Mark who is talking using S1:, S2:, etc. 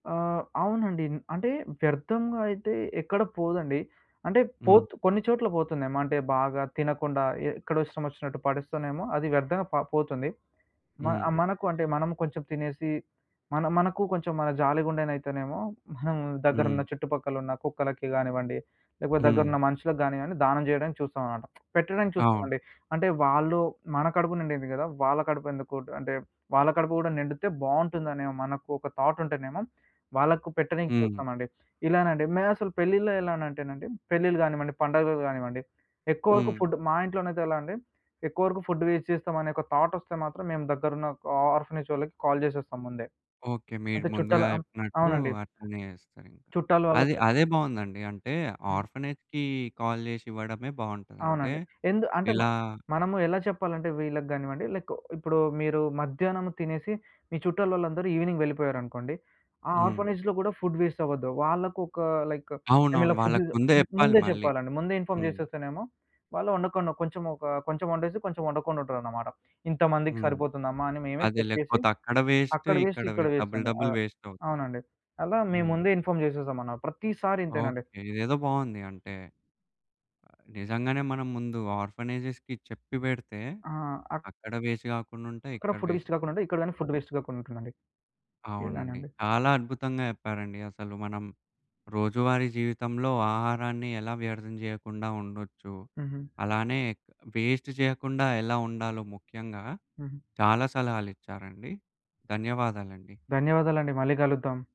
S1: ఆ! అవునండి. అంటే, వ్యర్ధంగా అయితే ఎక్కడ పోదండి. అంటే,
S2: హ్మ్.
S1: పోత్ కొన్ని‌చోట్ల పోతుందేమో, అంటే, బాగా తినకుండా ఎ ఎక్కడో ఇష్టమోచ్చినట్టు పడేస్తేనేమో అది వ్యర్థంగ ప పోతుంది. మ
S2: హ్మ్.
S1: మనకు అంటే, మనము కొంచుం తినేసి, మనం మనకు కొంచుం మనది జాలి గుండెనైతేనేమో, మనం
S2: హ్మ్.
S1: దగ్గరున్న చుట్టుపక్కలున్న కుక్కలకి గానివ్వండి, లేకపోతే
S2: హ్మ్.
S1: దగ్గరున్న మనుషులకు గానియ్యండి, దానం జెయడానికి చూస్తావనమాట. పెట్టడానికి
S2: అవును.
S1: చూస్తామండి. అంటే, వాళ్ళూ మన కడుపు నిండింది గదా! వాళ్ళ కడుపెందుకు అంటే, వాళ్ళ కడుపు గూడా నిండితే బావుంటుందనే మనకు ఒక థాటుంటేనేమో, వాళ్ళకు పెట్టనీకి
S2: హ్మ్.
S1: చూస్తామండి. ఇలానండి. మెయినసలు పెళ్ళిలో ఎలానంటేనండి, పెళ్ళిళ్ళు గానివ్వండి, పండగలు గానివ్వండి, ఎక్కువ వరకు
S2: హ్మ్.
S1: ఫుడ్డు మా ఇంట్లోనైతే ఎలా అండి, ఎక్కువరకు ఫుడ్ వేస్ట్ చేస్తామనే ఒక థాటొస్తే మాత్రం, మేము దగ్గరున్న ఒక ఆ ఆర్ఫనేజ్ వాళ్ళకి కాల్ చేసేస్తాం ముందే.
S2: ఓకే. మీరు
S1: అంటే,
S2: ముందుగా
S1: చుట్టాలా
S2: చెప్పినట్టూ
S1: అవునండీ.
S2: అట్లనే యేస్తరింక.
S1: చుట్టాల
S2: అది
S1: వాళ్ళకై
S2: అదే బావుందండీ. అంటే,
S1: హ్మ్.
S2: ఆర్ఫనేజ్‌కీ కాల్ జేషివ్వడమే బావుంటదంటే,
S1: అవునండి. ఎందు అంటే, మ
S2: ఇలా
S1: మనము ఎలా చెప్పాలంటే వీళ్ళగానివ్వండి లైక్, ఇప్పుడూ మీరూ మధ్యానము తినేసి, మీ చుట్టాలోలందరూ ఈవినింగ్ వెళ్ళిపోయారనుకోండి. ఆ
S2: హ్మ్.
S1: ఆర్ఫనేజ్‌లో గూడా ఫుడ్ వేస్టవ్వద్దు. వాళ్ళకొకా లైక్
S2: అవునవును.
S1: మేమిలా ఫుడ్
S2: వాళ్ళకి ముందే
S1: ము
S2: చెప్పాలి
S1: ముందే
S2: మళ్ళీ.
S1: చెప్పాలండి. ముందే ఇన్ఫార్మ్
S2: హ్మ్.
S1: జేసేస్తేనేమో, వాళ్ళు ఒండకుండా కొంచెమొకా కొంచెవొండేసి, కొంచెం ఒండకుండుంటారనమాట. ఇంతమందికి
S2: హ్మ్.
S1: సరిపోతుందమ్మా అని మేవే
S2: అదే.
S1: చెక్ చేసి
S2: లేకపోతే అక్కడ వేస్ట్,
S1: అక్కడ వేస్ట్,
S2: ఇక్కడ
S1: ఇక్కడ
S2: వే డబల్
S1: వేస్టండి. ఆ!
S2: డబల్ వేస్టవుతది.
S1: అవునండి. అలా
S2: హ్మ్.
S1: మేముందే ఇన్ఫార్మ్ జేసేశామన్న. ప్రతీ సారి ఇంతేనండి.
S2: ఓకే. ఇదేదో బావుంది. అంటే, నిజంగానే మనం ముందు ఆర్ఫనేజెస్‌కి చెప్పి వెడితే,
S1: ఆ! అక్
S2: అక్కడ వేస్ట్ గాకుండుంటయి,
S1: అక్కడ
S2: ఇక్కడ
S1: ఫుడ్
S2: వేస్ట్
S1: వేస్ట్ గాకుండుంటది. ఇక్కడ గానీ ఫుడ్ వేస్ట్ గాకుండుంటుందండి.
S2: అవునండి.
S1: ఎలానండి?
S2: చాలా అద్భుతంగా చెప్పారండి అసలు. మనం రోజువారీ జీవితంలో ఆహారాన్ని ఎలా వ్యర్థం జెయ్యకుండా ఉండొచ్చు.
S1: హుహు.
S2: అలానే క్ వేస్ట్ జెయ్యకుండా ఎలా ఉండాలో ముఖ్యంగా,
S1: హుహు.
S2: చాలా సలహాలిచ్చారండి. ధన్యవాదాలండి.
S1: ధన్యవాదాలండి. మళ్ళీ కలుద్దాం.